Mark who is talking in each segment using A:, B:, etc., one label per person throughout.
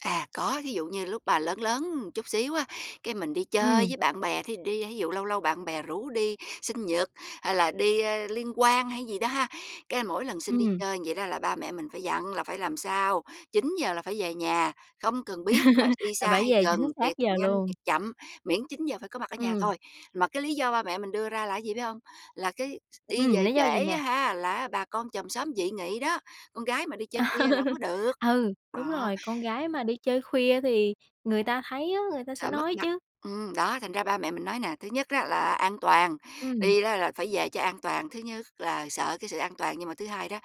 A: À, có, thí dụ như lúc bà lớn lớn một chút xíu á, cái mình đi chơi
B: Ừm.
A: với bạn bè, thí dụ đi thí dụ lâu lâu bạn bè rủ đi sinh nhật hay là đi, ơ, liên hoan hay cái gì đó ha, cái mỗi lần xin đi
B: Ừm.
A: chơi vậy đó là ba mẹ mình phải dặn là phải làm sao 9:00 là phải về nhà, không cần biết là đi
B: Là
A: xa
B: phải
A: hay
B: về
A: gần,
B: chính xác
A: tiệc
B: giờ
A: nhanh
B: luôn.
A: tiệc chậm, miễn 9:00 giờ phải có mặt ở nhà
B: Ừm.
A: thôi. Mà cái lý do ba mẹ mình đưa ra là cái gì biết hông? Là cái x đi
B: Ừm,
A: về
B: lý do gì
A: trễ
B: nè?
A: á ha, là á bà con chòm xóm dị nghị đó, con gái mà đi chơi khuya là hổng có được.
B: Ừ, đúng
A: Đó.
B: rồi! Con gái mà đi chơi khuya thì người ta thấy á, người ta sẽ
A: Sợ mất
B: nói
A: mặt
B: chứ.
A: ừm, đó, thành ra ba mẹ mình nói nè, thứ nhất á là an toàn,
B: Ừm.
A: đi đó là phải về cho an toàn, thứ nhất là sợ cái sự an toàn nhưng mà thứ hai đó,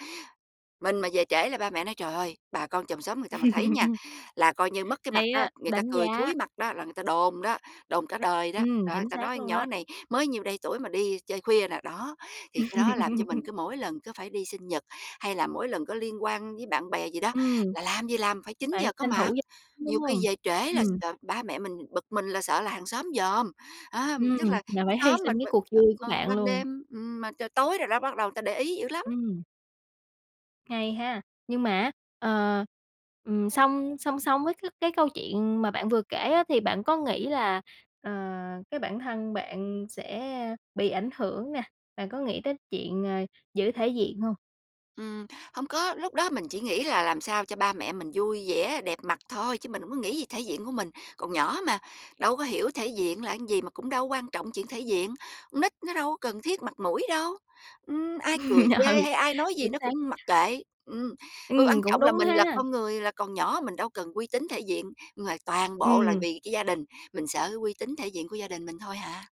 A: mình mà về trễ là ba mẹ nói: "Trời ơi! Bà con chòm xóm người ta mà thấy nha, là coi như mất cái mặt
B: Hay
A: á,
B: á!
A: người ta
B: Đánh
A: cười
B: giá.
A: thúi mặt đó, là người ta đồn đó, đồn cả đời đó.
B: Ừm,
A: Đó, người
B: chính
A: ta
B: xác
A: nói con
B: luôn đó.
A: nhỏ này mới nhiêu đây tuổi mà đi chơi khuya nè", đó, thì cái đó làm cho mình cứ mỗi lần cứ phải đi sinh nhật hay là mỗi lần có liên hoan với bạn bè gì đó,
B: Ừm.
A: là làm gì làm phải chín
B: Phải
A: giờ có
B: tranh thủ
A: mặt.
B: về [unintelligible] đúng
A: Nhiều khi
B: hông?
A: về trễ là
B: Ừm.
A: sợ ba mẹ mình bực mình, là sợ là hàng xóm dòm, á, tức
B: Ừm,
A: là cái
B: là phải hy
A: xóm mà
B: sinh cái
A: mà,
B: cuộc vui của
A: ờ,
B: bạn
A: ban
B: luôn.
A: đêm, ừm, mà trời tối rồi đó bắt đầu người ta để ý dữ lắm.
B: Ừm. Hay ha? Nhưng mà á, ờ, ừm, song song song với cái cái câu chuyện mà bạn vừa kể á, thì bạn có nghĩ là, ờ, cái bản thân bạn sẽ bị ảnh hưởng nè, bạn có nghĩ tới chuyện, ờ, giữ thể diện hông?
A: Ừm, hông có, lúc đó mình chỉ nghĩ là làm sao cho ba mẹ mình vui vẻ, đẹp mặt thôi chứ mình hổng có nghĩ gì thể diện của mình, còn nhỏ mà, đâu có hiểu thể diện là cái gì, mà cũng đâu có quan trọng chuyện thể diện. Con nít nó đâu có cần thiết mặt mũi đâu, ừm, ai cười chê
B: Ừ,
A: hay ai nói gì
B: chính
A: nó cũng
B: xác.
A: mặc kệ, ừm, qu quan
B: Ừm, cũng
A: trọng là
B: đúng
A: mình là
B: ha!
A: con người là còn nhỏ mình đâu cần uy tín, thể diện ngoài toàn bộ là
B: Ừm.
A: vì cái gia đình, mình sợ cái uy tín thể diện của gia đình mình thôi hà.